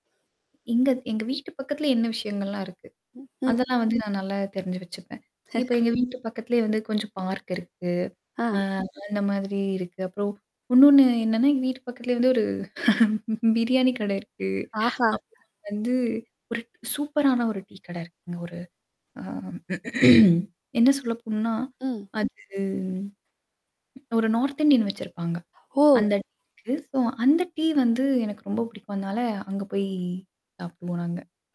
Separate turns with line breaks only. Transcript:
இங்க எங்க வீட்டு பக்கத்துல என்ன விஷயங்கள்லாம் இருக்கு.
ம், ம்.
அதெல்லாம் வந்து நான் நல்லாவே தெரிஞ்சு வச்சுப்பேன். இப்போ எங்க வீட்டு பக்கத்துலயே வந்து கொஞ்சம் பார்க் இருக்கு. அ
ஆ.
அந்த மாதிரி இருக்கு. அப்புறம் இன்னொன்னு என்னன்னா, எங்க வீட்டு பக்கத்துலயே வந்து ஒரு, பிரியாணி கடை இருக்கு.
ஆஹா!
அப்புறம் வந்து ஒரு சூப்பரான ஒரு டீ கடை இருக்குங்க. ஒரு அ என்ன சொல்ல போணுன்னா
ம்.
அது, ஒரு நார்த் இந்தியன் வச்சிருப்பாங்க.
ஓ!
அந்த டேஸ்டும் அந்த டீ வந்து எனக்கு ரொம்ப பிடிக்கும். அதனால அங்கே போய் சாப்பிடுவோம் நாங்க.